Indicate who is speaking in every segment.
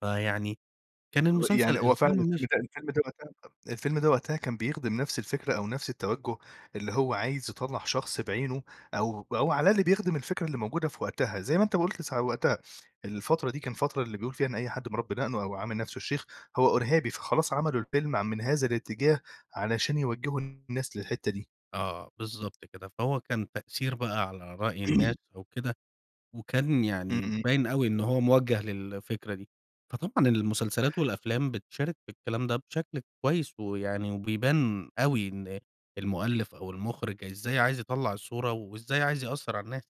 Speaker 1: فيعني كان
Speaker 2: هو يعني
Speaker 1: المسلسل
Speaker 2: هو فعلًا
Speaker 1: الفيلم
Speaker 2: الفيلم
Speaker 1: مش
Speaker 2: ده الفيلم ده [unintelligible] الفيلم ده وقتها كان بيخدم نفس الفكرة أو نفس التوجُّه اللي هو عايز يطلّع شخص بعينه أو أو على الأقل بيخدم الفكرة اللي موجودة في وقتها. زي ما أنت قُلت س وقتها، الفترة دي كان الفترة اللي بيقول فيها إن أي حد مربّي دقنه أو عامل نفسه الشيخ، هو إرهابي. فخلاص عملوا الفيلم عن من هذا الاتجاه علشان يوجّهوا الناس للحتّة دي.
Speaker 1: آه، بالضبط كده. فهو كان تأثير بقى على رأي الناس أو كده، وكان يعني
Speaker 2: إمم.
Speaker 1: مبيّن أوي إن هو موجه للفكرة دي. فطبعًا المسلسلات والأفلام بتشارك في الكلام ده بشكل كويّس ويعني وبيبان أوي إن المؤلِّف أو المُخرِج إزاي عايز يطلَّع الصورة وإزاي عايز يأثّر على الناس.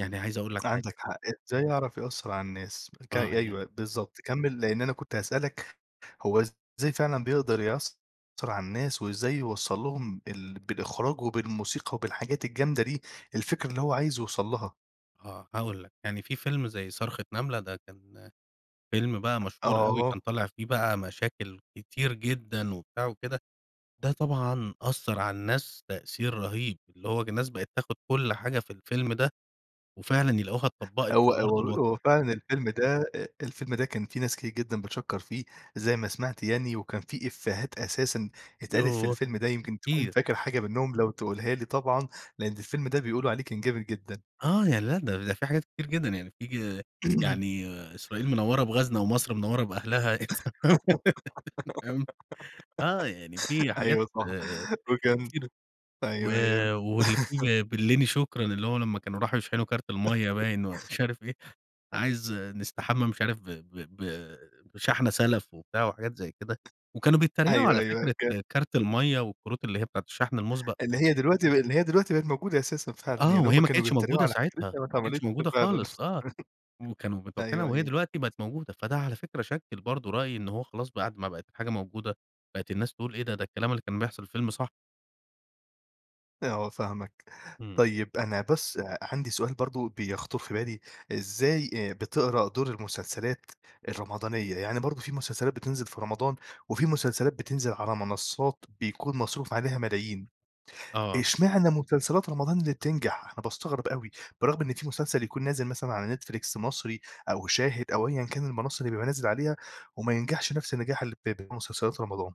Speaker 1: يعني عايز أقول لك حاجة
Speaker 2: عندك حق، إزاي يعرف يأثّر على الناس ك
Speaker 1: آه. يا
Speaker 2: أيوه بالضبط، كمّل، لإن أنا كنت هاسألك هو إزاي فعلًا بيقدر يأثّر على الناس وإزاي يوصّل لهم ال بالإخراج وبالموسيقى وبالحاجات الجامدة دي، الفكرة اللي هو عايز يوصل لها؟
Speaker 1: آه، هاقول لك. يعني في فيلم زي صرخة نملة، ده كان فيلم بقى مشهور أوي كان
Speaker 2: آه.
Speaker 1: طالع فيه بقى مشاكل كتير جدًا وبتاع وكده، ده طبعًا أثّر على الناس تأثير رهيب. اللي هو ج الناس بقت تاخُد كل حاجة في الفيلم ده وفعلًا يلاقوها اتطبّقت في
Speaker 2: هو
Speaker 1: أرض
Speaker 2: هو
Speaker 1: الواقع.
Speaker 2: هو فعلًا الفيلم ده أ الفيلم ده كان فيه ناس كتير جدًا بتشكّر فيه زي ما سمعت يعني وكان في إفّيهات أساسًا اتقالت في
Speaker 1: يوه
Speaker 2: الفيلم ده، يمكن تكون
Speaker 1: كتير.
Speaker 2: فاكر حاجة منّهم لو تقولها لي طبعًا، لإن الفيلم ده بيقولوا عليه كان جامد جدًا.
Speaker 1: آه. يعني لأ، ده ده في حاجات كتير جدًا. يعني في يعني إسرائيل منوّرة بغازنا ومصر منوّرة بأهلها، [unintelligible] فاهم؟ آه. يعني في حاجات
Speaker 2: أيوه صح، وكان
Speaker 1: كتيرة. و
Speaker 2: أيوه، أيوه.
Speaker 1: واللي فيه بلِّني شكرًا، اللي هو لمّا كانوا راحوا يشحنوا كارت المَيّة باين ومش عارف إيه، عايز نستحمى مش عارف ب ب ب بشحنة سَلَف وبتاع وحاجات زي كده. وكانوا بيتّريقوا
Speaker 2: أيوه،
Speaker 1: على
Speaker 2: أيوه. ك
Speaker 1: فكرة كارت المَيّة والكروت اللي هي بتاعة الشحن المُسبَق.
Speaker 2: اللي هي دلوقتي ب اللي هي دلوقتي بقت موجودة أساسًا فعلًا.
Speaker 1: آه.
Speaker 2: يعني هم
Speaker 1: وهي ما
Speaker 2: كانوا
Speaker 1: كانتش
Speaker 2: بيتّريقوا
Speaker 1: موجودة
Speaker 2: على
Speaker 1: ساعتها،
Speaker 2: فكرتها، ما
Speaker 1: ما كانتش
Speaker 2: اتعملتش
Speaker 1: موجودة
Speaker 2: فعلًا.
Speaker 1: خالص، آه. وكانوا
Speaker 2: أيوه،
Speaker 1: [unintelligible] وهي
Speaker 2: أيوه.
Speaker 1: دلوقتي بقت موجودة، فده على فكرة شكِّل برضه رأي إن هو خلاص بعد ما بقت الحاجة موجودة، بقت الناس تقول إيه ده؟ ده الكلام اللي كان بيحصل في الفيلم صح.
Speaker 2: آه فاهمك.
Speaker 1: إمم.
Speaker 2: طيب، أنا بس أ عندي سؤال برضه بيخطر في بالي، إزاي آآ، بتقرا دور المسلسلات الرمضانية؟ يعني برضه في مسلسلات بتنزل في رمضان وفي مسلسلات بتنزل على منصّات بيكون مصروف عليها ملايين،
Speaker 1: آه.
Speaker 2: إشمعنى مسلسلات رمضان اللي بتنجح؟ أنا باستغرب أوي، برغم إن في مسلسل يكون نازل مثلًا على نتفليكس مصري أو شاهد أو أيًا كان المنّصة اللي بيبقى نازل عليها وما ينجحش نفس النجاح اللي بب مسلسلات رمضان.